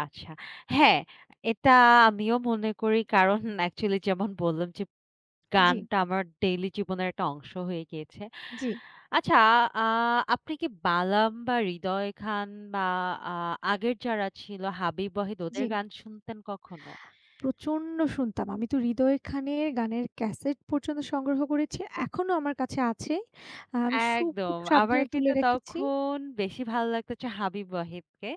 আচ্ছা। হ্যাঁ! এটা আমিও মনে করি কারণ অ্যাকচুয়ালি যেমন বললাম যে জি। গানটা আমার ডেইলি জীবনের একটা অংশ হয়ে গিয়েছে। জি। আচ্ছা আ আপনি কি বালাম বা হৃদয় খান বা আ আগের যারা ছিল, হাবিব ওয়াহিদ ওদের জি। গান শুনতেন কখনো? প্রচন্ড শুনতাম। আমি তো হৃদয় খানের গানের ক্যাসেট পর্যন্ত সংগ্রহ করেছি। এখনো আমার কাছে আছে। আমি সু খুব একদম! আমার সাবধানে তুলে কিন্তু রেখেছি তখন বেশি ভাল্লাগত হচ্ছে হাবিব ওয়াহিদকে।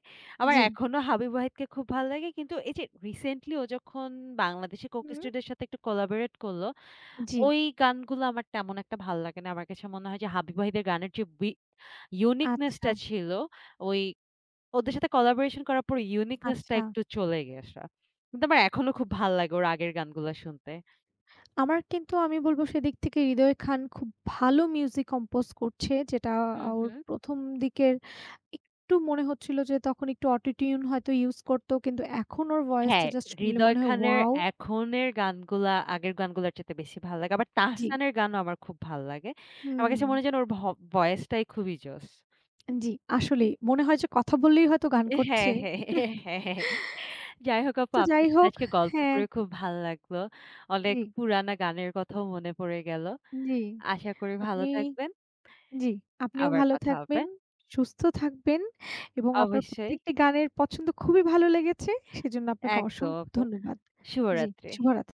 আমার জি। এখনো হাবিব ওয়াহিদকে খুব ভাল্লাগে কিন্তু, এই যে রিসেন্টলি ও যখন বাংলাদেশী 'Coke হু। Studio' র সাথে একটু কোলাবোরেট করলো, জি। ওই গানগুলা আমার তেমন একটা ভাল্লাগেনা। আমার কাছে মনে হয় যে হাবিব ওয়াহিদ এর গানের যে বি ইউনিকনেস আচ্ছা। টা ছিল ওই ওদের সাথে কোলাবোরেশন করার পরে ইউনিকনেস টা আচ্ছা। একটু চলে গিয়েছে। কিন্তু আমার এখনো খুব ভাল্লাগে ওর আগের গানগুলা শুনতে। আমার কিন্তু আমি বলব সেদিক থেকে হৃদয় খান খুব ভালো মিউজিক কম্পোজ করছে, যেটা হু, আ ওর হু। ১ম দিকের একটু মনে হচ্ছিল যে, তখন একটু অটো টিউন হয়তো ইউস করতো। কিন্তু এখন ওর ভয়েসটা হ্যাঁ, জাস্ট শুনলে হৃদয় মনে হয় খানের ওয়াও! এখনের গানগুলা আগের গানগুলার চাইতে বেশি ভাল্লাগে, আবার জি। তাহসানের গানও আমার খুব ভাল্লাগে। আমার কাছে মনে হুম। হয় যেন ওর ভ ভয়েসটাই খুবই জোশ! অ্যা জি, আসলেই মনে হয় যে কথা বললেই হয়তো গান হ্যাঁ, করছে। হ্যাঁ, হ্যাঁ, হ্যাঁ, হ্যাঁ। যাই হোক আপু তো যাই আপনার সাথে হোক আজকে গল্প হ্যাঁ। করে খুব ভাল্লাগলো অনেক জি। পুরানা গানের কথাও মনে পড়ে গেল। উম জি, আশা করি ভালো আপনি থাকবেন। জি আপনিও আবার ভালো কথা হবে। থাকবেন, সুস্থ থাকবেন এবং আপনার অবশ্যই। প্রত্যেকটি গানের পছন্দ খুবই ভালো লেগেছে। সেজন্য আপনাকে একদম অসংখ্য আপু, ধন্যবাদ। জি, শুভরাত্রি! শুভরাত।